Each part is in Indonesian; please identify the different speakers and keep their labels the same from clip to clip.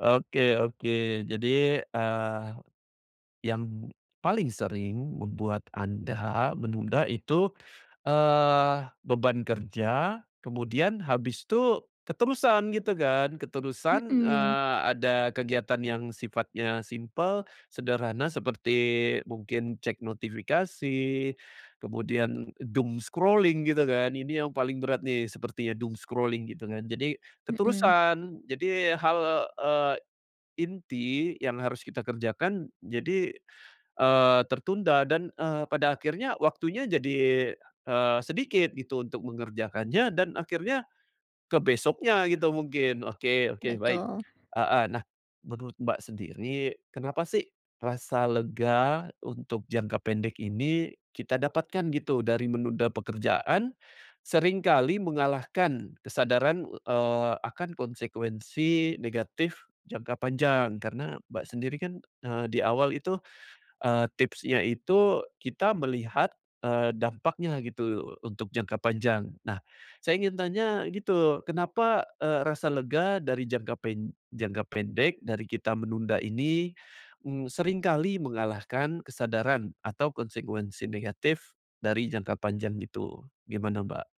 Speaker 1: Oke oke. Jadi, eee, yang paling sering membuat anda menunda itu, eee, beban kerja, kemudian habis tuh keterusan, gitu kan? Keterusan,
Speaker 2: Mhm.
Speaker 1: eee, ada kegiatan yang sifatnya simpel, sederhana, seperti, mungkin cek notifikasi, kemudian doom scrolling, gitu kan. Ini yang paling berat nih, sepertinya doom scrolling, gitu kan, jadi
Speaker 2: Mhm.
Speaker 1: keterusan. Jadi hal, eee, inti yang harus kita kerjakan, jadi, eee, tertunda dan, eee, pada akhirnya, waktunya jadi, eee, sedikit gitu, untuk mengerjakannya, dan akhirnya, ke besoknya gitu mungkin, oke oke, baik,
Speaker 2: Betul.
Speaker 1: heeh. Nah, menurut Mbak sendiri, kenapa sih, rasa lega untuk jangka pendek ini kita dapatkan gitu, dari menunda pekerjaan, seringkali mengalahkan kesadaran, eee, akan konsekuensi negatif jangka panjang? Karena, Mbak sendiri kan, eee, di awal itu, eee, tipsnya itu kita melihat, eee, dampaknya gitu untuk jangka panjang. Nah, saya ingin tanya gitu, kenapa, eee, rasa lega dari jangka pen jangka pendek, dari kita menunda ini, m seringkali mengalahkan kesadaran atau konsekuensi negatif, dari jangka panjang gitu, gimana Mbak?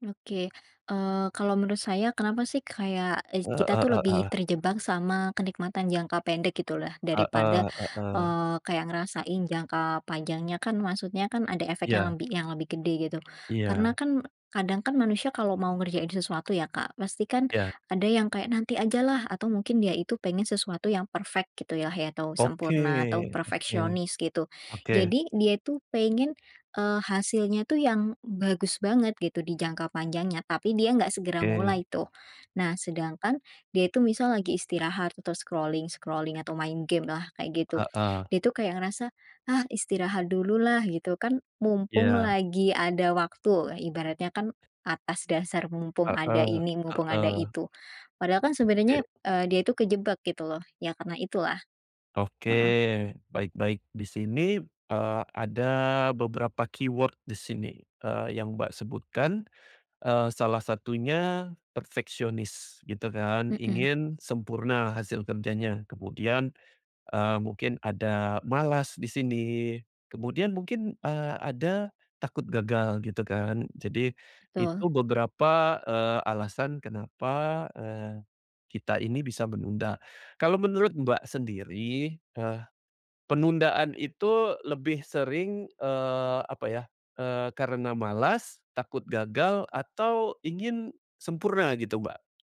Speaker 2: Oke. Eee, kalau menurut saya, kenapa sih, kayak eis kita
Speaker 1: Heeh
Speaker 2: tuh lebih
Speaker 1: heeh.
Speaker 2: terjebak sama kenikmatan jangka pendek gitulah, daripada,
Speaker 1: Heeh heeh.
Speaker 2: eee, kayak ngerasain jangka panjangnya kan, maksudnya kan ada efek yang
Speaker 1: Iya.
Speaker 2: lembi yang lebih gede gitu. Karena
Speaker 1: Iya.
Speaker 2: kan, kadang kan manusia kalau mau ngerjain sesuatu ya Kak, pasti kan,
Speaker 1: Iya.
Speaker 2: ada yang kayak, nanti ajalah, atau mungkin dia itu pengen sesuatu yang perfect gitulah ya atau
Speaker 1: Oke,
Speaker 2: sempurna, atau
Speaker 1: oke,
Speaker 2: perfeksionis gitu.
Speaker 1: oke.
Speaker 2: Jadi, dia itu pengen, eee, hasilnya tuh yang bagus banget gitu, di jangka panjangnya, tapi dia nggak segera
Speaker 1: Oke.
Speaker 2: mulai tuh. Nah, sedangkan dia itu misal lagi istirahat, atau scrolling-scrolling, atau main gamelah, kayak gitu.
Speaker 1: Heeh.
Speaker 2: Dia tuh kayak ngerasa, "Ah, istirahat dululah," gitu, "kan mumpung
Speaker 1: Iya.
Speaker 2: lagi ada waktu." E Ibaratnya kan atas dasar mumpung ada
Speaker 1: Heeh
Speaker 2: ini,
Speaker 1: heeh.
Speaker 2: mumpung ada
Speaker 1: Oke.
Speaker 2: itu. Padahal kan sebenarnya, eee, dia itu kejebak gitu loh, ya karena itulah.
Speaker 1: Oke,
Speaker 2: Heeh.
Speaker 1: baik baik. Di sini, eee, ada beberapa keyword di sini, eee, yang Mbak sebutkan. Eee, salah satunya perfeksionis gitu kan,
Speaker 2: Mhm.
Speaker 1: ingin sempurna hasil kerjanya. Kemudian, eee, mungkin ada malas di sini, kemudian mungkin, eee, ada takut gagal, gitu kan. Jadi, itu
Speaker 2: Betul.
Speaker 1: beberapa, eee, alasan kenapa, eee, kita ini bisa menunda. Kalau menurut Mbak sendiri, eee, penundaan itu lebih sering, eee, apa ya, eee, karena malas, takut gagal, atau ingin sempurna gitu Mbak?